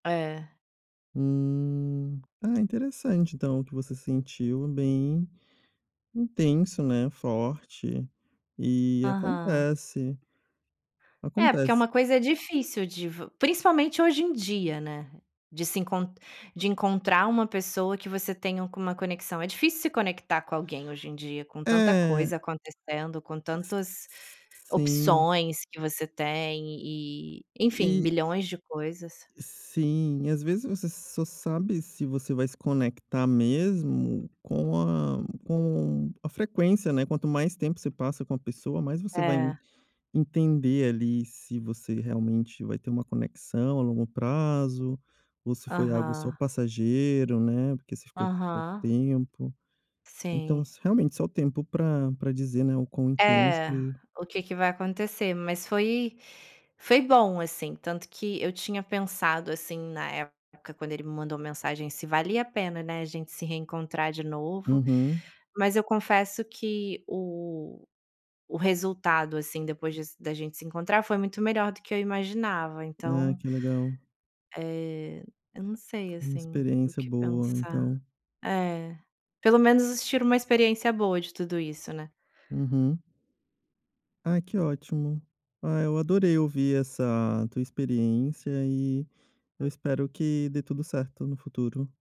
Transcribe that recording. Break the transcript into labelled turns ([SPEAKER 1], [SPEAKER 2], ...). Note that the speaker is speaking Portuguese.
[SPEAKER 1] É.
[SPEAKER 2] Hum. Ah, interessante, então, o que você sentiu, bem intenso, né, forte. E
[SPEAKER 1] Aham.
[SPEAKER 2] acontece
[SPEAKER 1] É porque é
[SPEAKER 2] acontece.
[SPEAKER 1] uma coisa difícil de vo principalmente, hoje em dia, né, de se enc de encontrar uma pessoa que você tenha alguma conexão. É difícil se conectar com alguém hoje em dia, com tanta
[SPEAKER 2] É.
[SPEAKER 1] coisa acontecendo, com tantas
[SPEAKER 2] Sim.
[SPEAKER 1] opções que você tem e, enfim,
[SPEAKER 2] E
[SPEAKER 1] milhões de coisas.
[SPEAKER 2] Sim, e às vezes você só sabe se você vai se conectar mesmo com a com a frequência, né. Quanto mais tempo você passa com a pessoa, mais você vai en
[SPEAKER 1] É.
[SPEAKER 2] entender ali se você realmente vai ter uma conexão a longo prazo, ou se foi algo só
[SPEAKER 1] Aham.
[SPEAKER 2] passageiro, né, porque você ficou pouco
[SPEAKER 1] Aham.
[SPEAKER 2] tempo. Então
[SPEAKER 1] Sim.
[SPEAKER 2] s realmente só o tempo pra pra dizer, né, o quão intenso
[SPEAKER 1] É.
[SPEAKER 2] e
[SPEAKER 1] O que que vai acontecer. Mas foi foi bom, assim, tanto que eu tinha pensado, assim, na época, quando ele me mandou mensagem se valia a pena, né, a gente se reencontrar de novo,
[SPEAKER 2] Uhum.
[SPEAKER 1] mas eu confesso que o o resultado, assim, depois de se da gente se encontrar foi muito melhor do que eu imaginava.
[SPEAKER 2] Ah,
[SPEAKER 1] Então...
[SPEAKER 2] que legal.
[SPEAKER 1] eh, eu não sei
[SPEAKER 2] Foi uma
[SPEAKER 1] assim o
[SPEAKER 2] experiência
[SPEAKER 1] que
[SPEAKER 2] boa,
[SPEAKER 1] pensar.
[SPEAKER 2] então.
[SPEAKER 1] É. Pelo menos a gente tira uma experiência boa de tudo isso, né.
[SPEAKER 2] Uhum. Ah, que ótimo. Ah, eu adorei ouvir essa tua experiência, e eu espero que dê tudo certo no futuro.